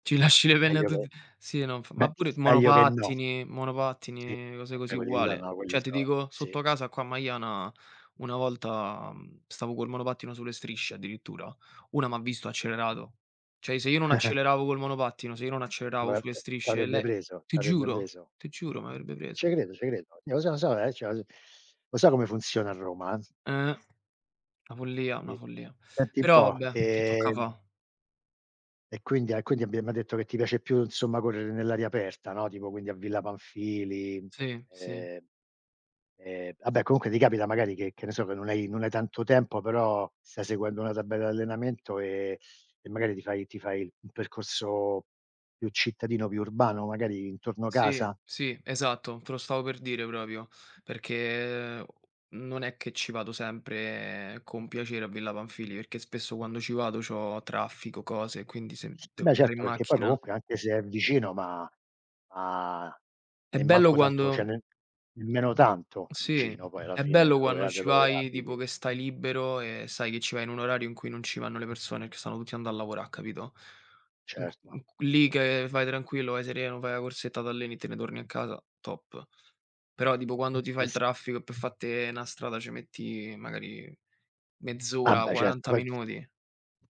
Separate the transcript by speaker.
Speaker 1: Ci lasci le penne a
Speaker 2: Meglio che
Speaker 1: tutti. Sì, non f
Speaker 2: beh,
Speaker 1: ma pure
Speaker 2: meglio che no.
Speaker 1: monopattini monopattini,
Speaker 2: Sì,
Speaker 1: mhmm, cose
Speaker 2: vabbè
Speaker 1: così
Speaker 2: quelli là so
Speaker 1: uguale.
Speaker 2: no quelli
Speaker 1: Cioè ti
Speaker 2: so
Speaker 1: dico
Speaker 2: sì.
Speaker 1: sotto casa qua a Maiana una volta, mhmm, stavo col monopattino sulle strisce addirittura, una m'ha visto e ha accelerato. Cioè se io non acceleravo col monopattino, se io non acceleravo sulle
Speaker 2: Molte
Speaker 1: strisce,
Speaker 2: t'avrebbe
Speaker 1: le
Speaker 2: preso,
Speaker 1: ti
Speaker 2: t'avrebbe
Speaker 1: giuro,
Speaker 2: preso.
Speaker 1: ti giuro m'avrebbe preso.
Speaker 2: Ce credo, ce credo. Io Io so, lo so, che c'ho l lo so come funziona a Roma, eh.
Speaker 1: Eh! Una follia, una
Speaker 2: Sì.
Speaker 1: follia.
Speaker 2: Senti
Speaker 1: Però
Speaker 2: un po'
Speaker 1: vabbè, che tocca
Speaker 2: ehm
Speaker 1: fa?
Speaker 2: e quindi e quindi abbiamo detto che ti piace più insomma correre nell'aria aperta, no, tipo quindi a Villa Panfili,
Speaker 1: Sì, sì.
Speaker 2: ehm, ehm, vabbè comunque ti capita magari che che ne so che non hai non hai tanto tempo però stai seguendo una tabella d'allenamento e e magari ti fai ti fai il percorso più cittadino, più urbano, magari intorno
Speaker 1: Sì,
Speaker 2: casa?
Speaker 1: sì, esatto. Te lo stavo per dire proprio, perché non è che ci vado sempre con piacere a Villa Panfili, perché spesso quando ci vado c'ho traffico, cose e quindi se de
Speaker 2: Beh
Speaker 1: dr
Speaker 2: certo,
Speaker 1: in
Speaker 2: perché poi
Speaker 1: macchina.
Speaker 2: comunque anche se è vicino, ma ha
Speaker 1: È
Speaker 2: e
Speaker 1: bello
Speaker 2: manco tanto cioè
Speaker 1: quando
Speaker 2: ne nemmeno tanto
Speaker 1: Sì,
Speaker 2: vicino poi alla
Speaker 1: è
Speaker 2: fine
Speaker 1: bello
Speaker 2: da dove
Speaker 1: quando
Speaker 2: a da
Speaker 1: ci
Speaker 2: dove
Speaker 1: vai tipo
Speaker 2: abiti.
Speaker 1: che stai libero e sai che ci vai in un orario in cui non ci vanno le persone, perché stanno tutti andando a lavora capito, in q
Speaker 2: Certo.
Speaker 1: in q lì che vai tranquillo, vai sereno, fai na' corsetta, t'alleni e te ne torni a casa, top. Però tipo quando ti
Speaker 2: Eh,
Speaker 1: fai il
Speaker 2: sì.
Speaker 1: traffico per fatte una strada, ce metti magari
Speaker 2: Ah
Speaker 1: mezz'ora,
Speaker 2: beh, certo
Speaker 1: 40
Speaker 2: poi
Speaker 1: minuti.